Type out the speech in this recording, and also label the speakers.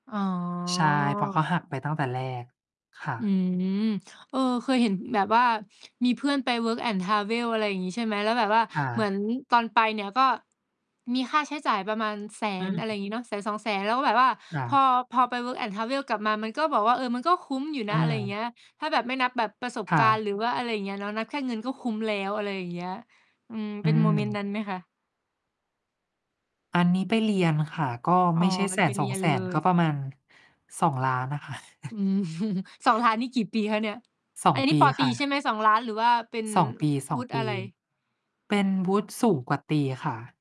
Speaker 1: อ๋อ
Speaker 2: ใช่ เพราะเขาหักไปตั้งแต่แรก ค่
Speaker 1: อื
Speaker 2: ะ
Speaker 1: ม เออ เคยเห็นแบบว่า มีเพื่อนไป work and travel อะไรอย่างงี้ใช่ไหม แล้วแบบว่า
Speaker 2: ค่
Speaker 1: เหมือ
Speaker 2: ะ
Speaker 1: นตอนไปเนี่ย ก็มีค่าใช้จ่ายประมาณ แส
Speaker 2: อื
Speaker 1: น อะไรอ
Speaker 2: อ
Speaker 1: ย่างงี้เนาะ 100,000-200,000 แล้วก็แบบว่า
Speaker 2: ค่
Speaker 1: พอ
Speaker 2: ะ
Speaker 1: พอไป work and travel กลับมา มันก็แบบ เออ มันก็คุ้มอยู่น
Speaker 2: อ
Speaker 1: ะ อะไรอย่างเง
Speaker 2: า
Speaker 1: ี้ย ถ้าแบบไม่นับแบบประสบ
Speaker 2: ค่
Speaker 1: การณ
Speaker 2: ะ
Speaker 1: ์ หรือว่าอะไรอย่างเงี้ยเนาะ นับแค่เงินก็คุ้มแล้ว อะไรอย่างเงี้ย อืม
Speaker 2: อ
Speaker 1: เ
Speaker 2: ื
Speaker 1: ป็นโมเมนต์น
Speaker 2: ม
Speaker 1: ั้นไหมคะ?
Speaker 2: อันนี้ไปเรียนค่ะ ก็
Speaker 1: อ๋
Speaker 2: ไม
Speaker 1: อ
Speaker 2: ่ใช่ แส
Speaker 1: ไป
Speaker 2: น
Speaker 1: เ
Speaker 2: ส
Speaker 1: รี
Speaker 2: อง
Speaker 1: ยน
Speaker 2: แส
Speaker 1: เล
Speaker 2: น ก
Speaker 1: ย
Speaker 2: ็ประมาณ 2,000,000 อะค่ะ
Speaker 1: อืม 2,000,000 นี่ กี่ปีคะเนี่ย?
Speaker 2: สอ
Speaker 1: อ
Speaker 2: ง
Speaker 1: ัน
Speaker 2: ป
Speaker 1: นี้
Speaker 2: ี
Speaker 1: ป.ต
Speaker 2: ค
Speaker 1: รี
Speaker 2: ่ะ
Speaker 1: ใช่ไหม? 2,000,000 หรือว่าเป็น
Speaker 2: 2 ปี สอ
Speaker 1: ว
Speaker 2: ง
Speaker 1: ุฒิ
Speaker 2: ป
Speaker 1: อ
Speaker 2: ี
Speaker 1: ะไร?
Speaker 2: เป็นวุฒิสูงกว่าตรีค่ะ